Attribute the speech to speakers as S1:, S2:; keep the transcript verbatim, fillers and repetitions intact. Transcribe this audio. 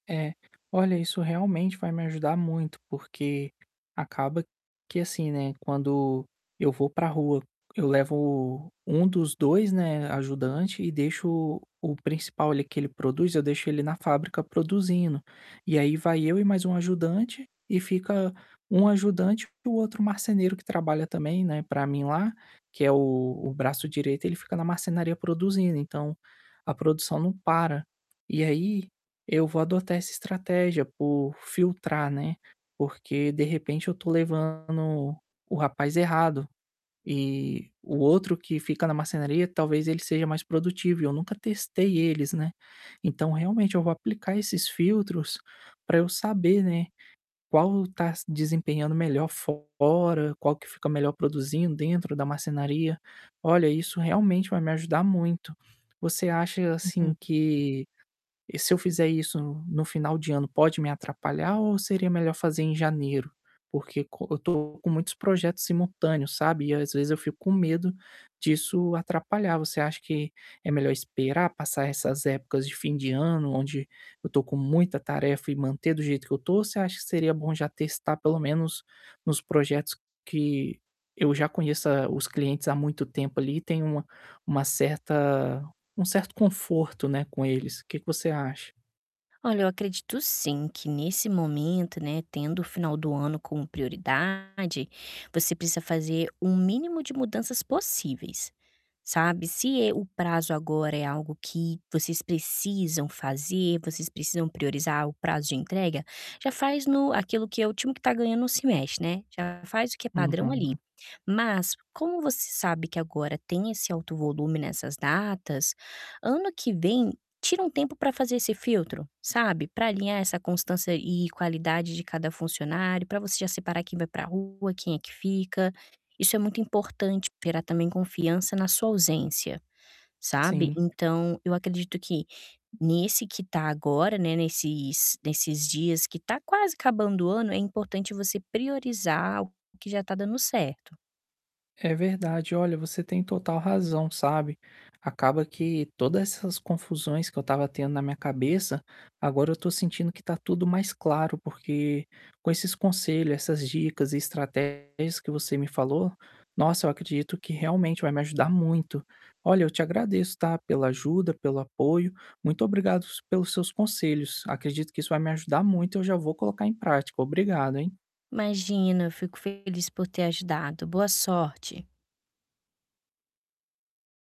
S1: É, olha isso realmente vai me ajudar muito, porque acaba que assim. né, quando eu vou para rua, eu levo um dos dois, né, ajudante e deixo o o principal ali, que ele produz, eu deixo ele na fábrica produzindo, e aí vai eu e mais um ajudante e fica um ajudante para o outro marceneiro que trabalha também, né, para mim lá, que é o o braço direito ele fica na marcenaria produzindo então, a produção não para. E aí, eu vou adotar essa estratégia por filtrar, né, porque de repente eu estou levando o rapaz errado, e o outro que fica na marcenaria talvez ele seja mais produtivo e eu nunca testei eles, né, então realmente eu vou aplicar esses filtros para eu saber, né, qual está desempenhando melhor fora, qual que fica melhor produzindo dentro da marcenaria. Olha, isso realmente vai me ajudar muito. Você acha
S2: Uhum.
S1: assim que, e se eu fizer isso no final de ano, pode me atrapalhar ou seria melhor fazer em janeiro? Porque co eu estou com muitos projetos simultâneos, sabe, e às vezes eu fico com medo disso atrapalhar. Você acha que é melhor esperar passar essas épocas de fim de ano, onde eu estou com muita tarefa e manter do jeito que eu estou, ou você acha que seria bom já testar pelo menos nos projetos que eu já conheça os clientes há muito tempo, ali, e tenho uma uma certa um certo conforto, né, com eles. Que que você acha?
S2: Olha, eu acredito sim, que nesse momento, né, tendo o final do ano como prioridade, você precisa fazer um mínimo de mudanças possíveis, sabe, se, eh, o prazo agora é algo que vocês precisam fazer, vocês precisam priorizar o prazo de entrega, já faz no aquilo que é o time que está ganhando não se mexe, né, já faz o que é padrão ali.
S1: Uhum.
S2: Mas, como você sabe que agora tem esse alto volume nessas datas, ano que vem, tira um tempo para fazer esse filtro, sabe, para alinhar essa constância e qualidade de cada funcionário, para você já separar quem vai para rua, quem é que fica. Isso é muito importante pra gerar também confiança na sua ausência, sabe,
S1: Sim.
S2: então eu acredito que nesse que está agora, né, nesses nesses dias que está quase acabando o ano é importante você priorizar o que já está dando certo.
S1: É verdade. Olha, você tem total razão, sabe, acaba que toda essas confusões que eu estava tendo na minha cabeça, agora eu estou sentindo que está tudo mais claro, porque com esses conselho, essas dicas e estratégias que você me falou, nossa, eu acredito que realmente vai me ajudar muito. Olha, eu te agradeço, tá, pela ajuda, pelo apoio, muito obrigados pelos seus conselhos, acredito que isso vai me ajudar muito e eu já vou colocar em prática. Obrigado, hein!
S2: Imagina, eu fico feliz por ter ajudado, boa sorte.